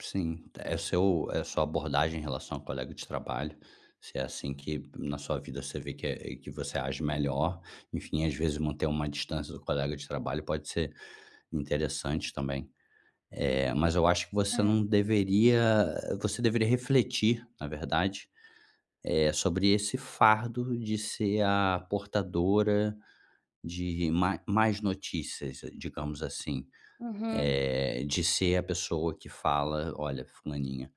Sim. É o seu é a sua abordagem em relação ao colega de trabalho. Se é assim que, na sua vida, você vê que é que você age melhor, enfim, às vezes manter uma distância do colega de trabalho pode ser interessante também. Eh, mas eu acho que você É. não deveria eh, você deveria refletir, na verdade, eh, sobre esse fardo de ser a portadora de má más notícias, digamos assim. Uhum. Eh, de ser a pessoa que fala: “Olha, fulaninha”.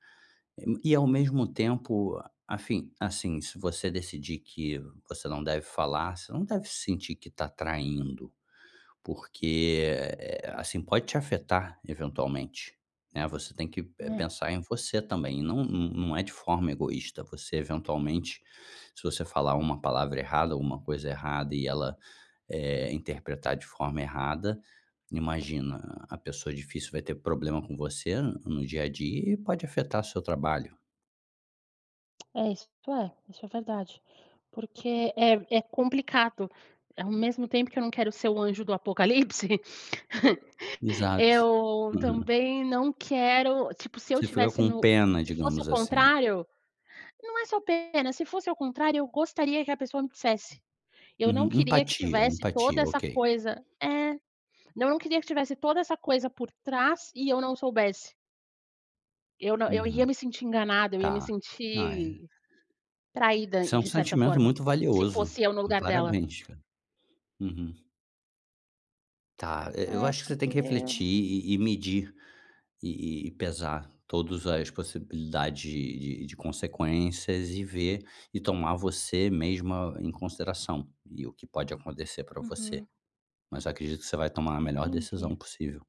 E, ao mesmo tempo, afim assim, se você decidir que você não deve falar, você não deve sentir que está traindo. Porque, eh, assim, pode te afetar eventualmente, né. Você tem que, eh, É. pensar em você também. Não não não é de forma egoísta. Você, eventualmente, se você falar uma palavra errada ou uma coisa errada e ela, eh, interpretar de forma errada, imagina, a pessoa difícil vai ter problema com você no dia a dia e pode afetar o seu trabalho. É, isso é. Isso é verdade. Porque é é complicado. Ao mesmo tempo que eu não quero ser o anjo do apocalipse, Exato. eu Uhum. também não quero tipo, se eu Você fica tivesse com no pena, se fosse digamos ao assim. contrário Não é só pena. Se fosse ao contrário, eu gostaria que a pessoa me dissesse. Eu não Uhum. queria que Empatia, tivesse toda empatia, essa ok. coisa É. Não, eu não queria que tivesse toda essa coisa por trás e eu não soubesse. Eu não eu ia Uhum. me sentir enganada, eu ia me Tá. Ah, é sentir traída, Isso é um de certa sentimento forma, muito se valioso. fosse eu no lugar dela. Parabéns, cara. Uhum. Tá. E e eu É, acho que você tem porque que refletir e e medir. E e pesar todos as possibilidades de de consequências e ver e tomar você mesma em consideração. E o que pode acontecer pra você. Uhum. Mas eu acredito que você vai tomar a melhor decisão Entendi. possível.